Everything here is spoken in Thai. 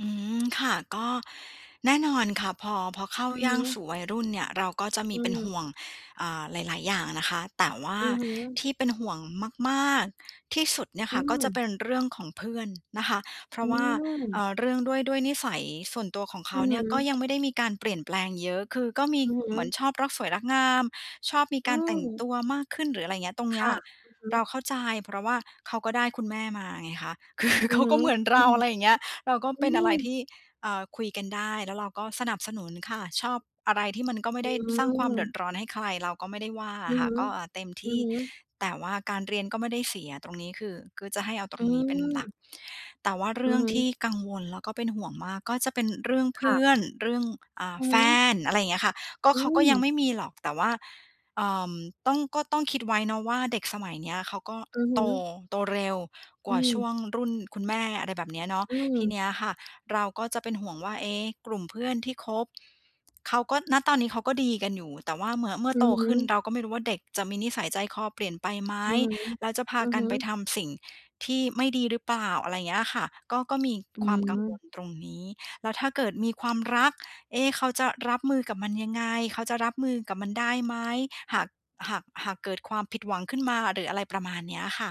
อืม ค่ะ ก็ แน่นอนค่ะ พอ พอเข้าอือยฮ่างึ สู่วัยรุ่นเนี่ย เราก็จะมอืีเป็นหอ ่วง อ่า หลาย ๆ อย่างนะคะ แต่ว่าอือฮึ ที่เป็นห่วงมาก ๆ ที่สุดเนี่ยอืค่ะ ก็เปม ็นเรื่องของเพื่อนนะคะ เพรอาืะว่า เม อ่อ เรื่องด้วย ด้วยนิสัยส่วนตัวของเขอืาอเฮนี่ย ก็ึ ยังไม่ได้มีการเปลี่ยนแปลงเยอะ คือก็มีอือฮเหึ มือนชอบรักสวยรักงาม ชอบมีอกืารแต่งม ตัวมากขึ้นหรือ อะไรอย่างเงี้ย ตรงคเนี้ย่ะ อือฮึ เราเข้าใจ เพราะว่าเขาก็ได้คุณแม่มาไงคะ คือ อเืขอาฮกึ ็เหมือนอเรือ า อะไรอย่างเงี้ย เราก็อืเป็นอะไรทม ี่ เอ่อ คุยกันได้ แล้วเราก็สนับสนุนค่ะ ชอบ อะไรที่มันก็ไม่อืได้สร้างความเดือม ดร้อนให้ใคร เราก็ไม่ได้ว่าออืะอค่ฮะ ึ ก็ อ่า เต็มทอืีอ่ ฮึ แต่ว่าการเรียนก็ไม่ได้เสีย ตรงนี้คือ คือจะให้เอาตรอืงนี้เป็นหลัม ก แต่ว่าเรอืื่อองฮทีึ ่กังวล แล้วก็เป็นห่วงมาก ก็เป็นเรื่องเพค่ืะ ่อน เรื่อง อ่า อือแฟฮึ น อะไรอย่างเงี้ยค่ะ ก็อืเขาก็ยังไม ม่มีหรอก แต่ว่า เอ่อ ต้อง ก็ต้องคิดไว้เนาะว่าเด็กสมัยเนี้ยเขาก็อือฮโต ึ โตเร็วกอวื่าช่วม งรุ่นคุณแม่ อะไรแบบเนี้ยเนาะ อืทีเนม ี้ยค่ะเราก็จะเป็นห่วงว่า เอ๊ะ กลุ่มเพื่อนที่คบเขาก็ ณ ตอนนี้เขาก็ดีกันอยู่ แต่ว่าเมื่อ เมื่ออืโตอฮขึ้นึ เราก็ไม่รู้ว่าเด็กจะมีนิสัยใจคอเปลี่ยนไปไหม? อือฮึ แล้วจะพาอือกัฮนไปึ ทำสิ่งที่ไม่ดีหรือเปล่า? อะไรอย่างเงี้ยอะค่ะ ก็ ก็มีอความกังวือ ลตรงนี้ แล้วถ้าเกิดมีความรัก เอ๊ะ เขาจะรับมือกับมันยังไง? เขาจะรับมือกับมันได้ไหม? หาก หาก หากเกิดความผิดหวังขึ้นมาหรืออะไร ประมาณเนี้ยค่ะ